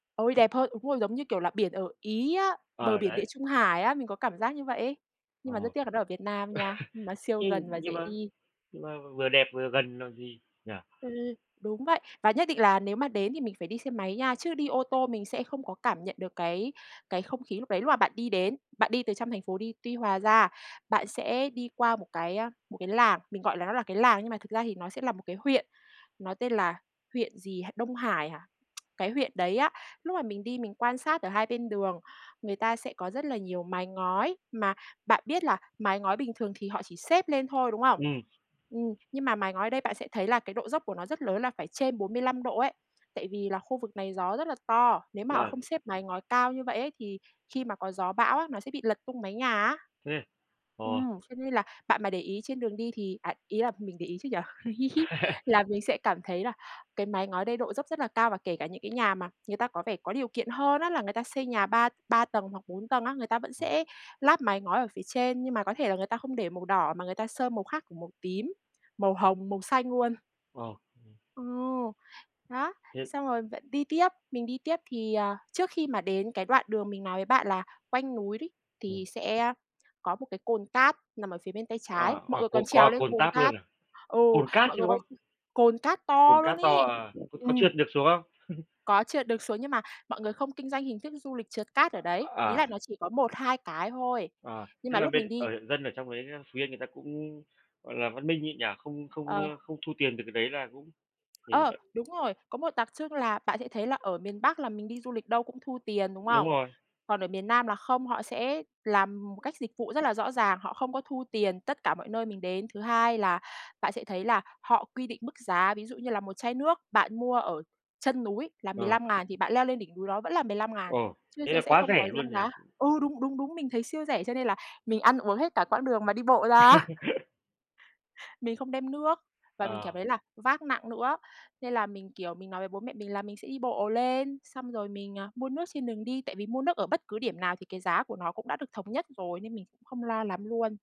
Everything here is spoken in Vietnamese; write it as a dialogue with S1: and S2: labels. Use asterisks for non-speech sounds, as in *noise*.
S1: Ôi, đẹp hơn. Đúng rồi, giống như, kiểu là, biển ở Ý á, bờ
S2: Ờ,
S1: biển Địa
S2: đấy.
S1: Trung Hải á, mình có cảm giác như vậy ấy. Nhưng
S2: Ờ.
S1: mà rất
S2: *laughs*
S1: tiếc là nó ở Việt Nam nha, nó siêu
S2: Nhưng
S1: gần và
S2: nhưng
S1: dễ
S2: mà
S1: đi.
S2: nhưng mà vừa đẹp vừa gần còn gì, nhỉ!
S1: Ừm, đúng vậy. Và nhất định là nếu mà đến thì mình phải đi xe máy nha, chứ đi ô tô mình sẽ không có cảm nhận được cái cái không khí lúc đấy, lúc mà bạn đi đến. Bạn đi từ trong thành phố đi Tuy Hòa ra, bạn sẽ đi qua một cái, a, một cái làng, mình gọi là nó là cái làng nhưng mà thực ra thì nó sẽ là một cái huyện, nó tên là huyện gì H Đông Hải hả? *tsk* Cái huyện đấy á, lúc mà mình đi mình quan sát ở hai bên đường, người ta sẽ có rất là nhiều mái ngói, mà bạn biết là mái ngói bình thường thì họ chỉ xếp lên thôi, đúng không?
S2: Ừm.
S1: Ừm, nhưng mà mái ngói ở đây bạn sẽ thấy là cái độ dốc của nó rất lớn là phải trên 45 độ ấy. Tại vì là khu vực này gió rất là to, nếu mà họ
S2: Ờ.
S1: không xếp mái ngói cao như vậy ấy thì khi mà có gió bão á, nó sẽ bị lật tung mái nhà á.
S2: Thế ờ.
S1: Ừm, cho nên là bạn mà để ý trên đường đi thì à, ý là mình để ý chứ nhỉ? *laughs*
S2: *laughs*
S1: Là mình sẽ cảm thấy là cái máy ngói đây độ dốc rất là cao, và kể cả những cái nhà mà người ta có vẻ có điều kiện hơn á là người ta xây nhà ba ba tầng hoặc 4 tầng á, người ta vẫn
S2: *unintelligible*
S1: sẽ lắp mái ngói ở phía trên, nhưng mà có thể là người ta không để màu đỏ mà người ta sơn màu khác, kiểu, màu tím, màu hồng, màu xanh luôn.
S2: Ờ, ừm.
S1: Ờ, đó,
S2: Thế
S1: xong rồi bạn đi tiếp, mình đi tiếp thì, à, trước khi mà đến cái đoạn đường mình nói với bạn là quanh núi đấy,
S2: Ừm.
S1: thì sẽ, a, có một cái cồn cát nằm ở phía bên tay
S2: À,
S1: trái, mọi
S2: à.
S1: người
S2: Còn
S1: còn
S2: có
S1: trèo
S2: ả
S1: lên
S2: cồn
S1: cồn
S2: tát
S1: cát.
S2: luôn à,
S1: Ừ,
S2: cồn cát
S1: mọi
S2: chứ,
S1: người
S2: đúng không?
S1: *unintelligible* cồn cát
S2: Cồn
S1: to luôn
S2: cát to
S1: ấy.
S2: à? Có có
S1: Ừm.
S2: trượt được xuống không? *chuckles*
S1: Có trượt được xuống nhưng mà mọi người không kinh doanh hình thức du lịch trượt cát ở đấy, ý là
S2: À.
S1: nó chỉ có 1, 2 cái thôi.
S2: À,
S1: Nhưng
S2: thế
S1: mà
S2: là
S1: lúc
S2: bên
S1: mình đi
S2: ở huyện dân ở trong đấy, a, Phú Yên người ta cũng, gọi là, văn minh nhi nhỉ? Không không,
S1: Ờ.
S2: ơ, không thu tiền từ cái đấy là cũng
S1: Ờ,
S2: *unintelligible*
S1: đúng rồi. Có một đặc trưng là bạn sẽ thấy là ở miền Bắc là mình đi du lịch đâu cũng thu tiền, đúng
S2: Đúng
S1: không?
S2: rồi.
S1: Còn ở miền Nam là không, họ sẽ làm một cách dịch vụ rất là rõ ràng, họ không có thu tiền tất cả mọi nơi mình đến. Thứ hai là bạn sẽ thấy là họ quy định mức giá, ví dụ như là một chai nước bạn mua ở chân núi là mười
S2: Ờ.
S1: lăm ngàn thì bạn leo lên đỉnh núi đó vẫn là 15.000,
S2: Ồ,
S1: chứ
S2: thế
S1: sẽ
S2: là
S1: sẽ
S2: quá
S1: không có
S2: rẻ luôn
S1: dăng
S2: nhỉ?
S1: giá. Ừ, đúng, đúng, đúng, mình thấy siêu rẻ cho nên là mình ăn uống hết cả quãng đường mà đi bộ ra á.
S2: *laughs*
S1: Mình không đem nước và mình cảm
S2: Ờ.
S1: thấy là vác nặng nữa. Nên là mình, kiểu, mình nói với bố mẹ mình là mình sẽ đi bộ lên, xong rồi mình, à, mua nước trên đường đi, tại vì mua nước ở bất cứ điểm nào thì cái giá của nó cũng đã được thống nhất rồi nên mình cũng không lo lắm luôn.